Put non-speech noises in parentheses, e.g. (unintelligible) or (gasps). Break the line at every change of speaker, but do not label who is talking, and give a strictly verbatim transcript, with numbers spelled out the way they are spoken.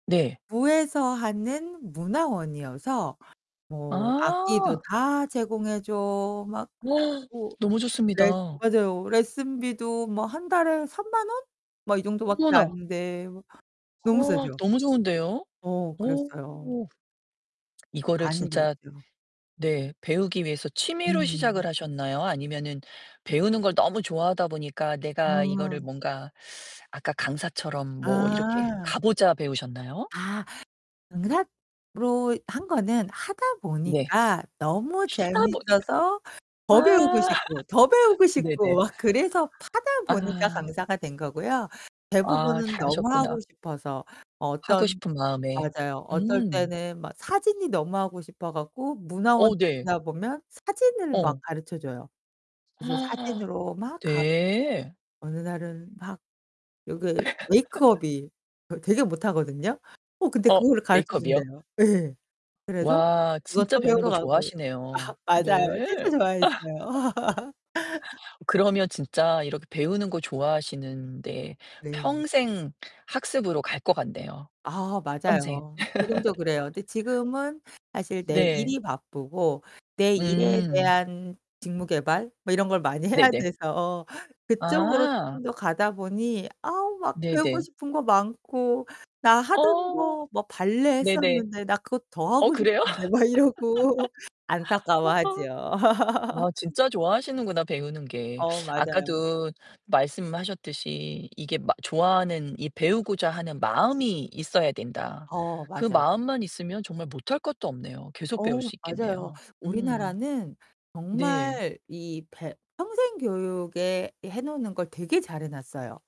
네.
부에서 하는 문화원이어서 뭐 악기도
아.
다 제공해 줘 막
와
(unintelligible)
너무
레
좋습니다.
맞아요 레슨비도 뭐 한 달에 삼만 원? 뭐 이 정도밖에
어머나.
안 돼 뭐 너무
어
싸죠.
너무 좋은데요?
어 그랬어요.
오. 이거를
많이
진짜
봤죠.
네 배우기 위해서 취미로
음.
시작을 하셨나요? 아니면은 배우는 걸 너무 좋아하다 보니까 내가
아.
이거를 뭔가 아까 강사처럼 뭐 이렇게
아.
가보자 배우셨나요?
아. (unintelligible) 로 한 거는 하다
네.
보니까 너무
하다 보니까.
재밌어서 더 배우고
아.
싶고, 더
(laughs)
배우고 싶고
네네.
막 그래서 파다 보니까
아.
강사가 된 거고요.
아
대부분은 너무 하고
잘하셨구나.
싶어서 어
하고
어떤
싶은 마음에.
맞아요. 어떨
음.
때는 막 사진이 너무 하고 싶어 갖고 문화원
어 네.
지나 보면 사진을 막
어.
가르쳐 줘요. 그래서 사진으로 막
(gasps)
가고.
네.
어느 날은 막 여기
(laughs)
메이크업이 그 되게 못하거든요. 어 근데
어
그거를 가르쳐
메이크업이요?
준대요. 예. 그래서
와 진짜
그것도
배우는
배우러
거
가고. 아
좋아하시네요. 네.
맞아요. 진짜 좋아했어요. (laughs)
(laughs) 그러면 진짜 이렇게 배우는 거 좋아하시는데
네.
평생 학습으로 갈 것 같네요.
아
평생.
맞아요. 지금도 그래요. 근데
(laughs)
지금은 사실 내
네.
일이 바쁘고 내 일에
음.
대한 직무 개발 뭐 이런 걸 많이 해야
네네.
돼서 그쪽으로
아.
쪼금 더 가다 보니 아우 막 배우고
네네.
싶은 거 많고 나 하던
어.
거 막 발레
네네.
했었는데 나 그거 더
어
하고
그래요?
싶은데 막 이러고.
(laughs) 어
안타까워하죠.
아.
(laughs)
아 진짜 좋아하시는구나 배우는 게.
어 맞아요.
아까도 말씀하셨듯이 이게 마 좋아하는 이 배우고자 하는 마음이 있어야 된다.
어
그
맞아요.
마음만 있으면 정말 못 할 것도 없네요. 계속
어
배울 수
맞아요.
있겠네요. 음.
우리나라는
네.
정말 이 배 평생 교육에 이 해 놓는 걸 되게 잘해 놨어요.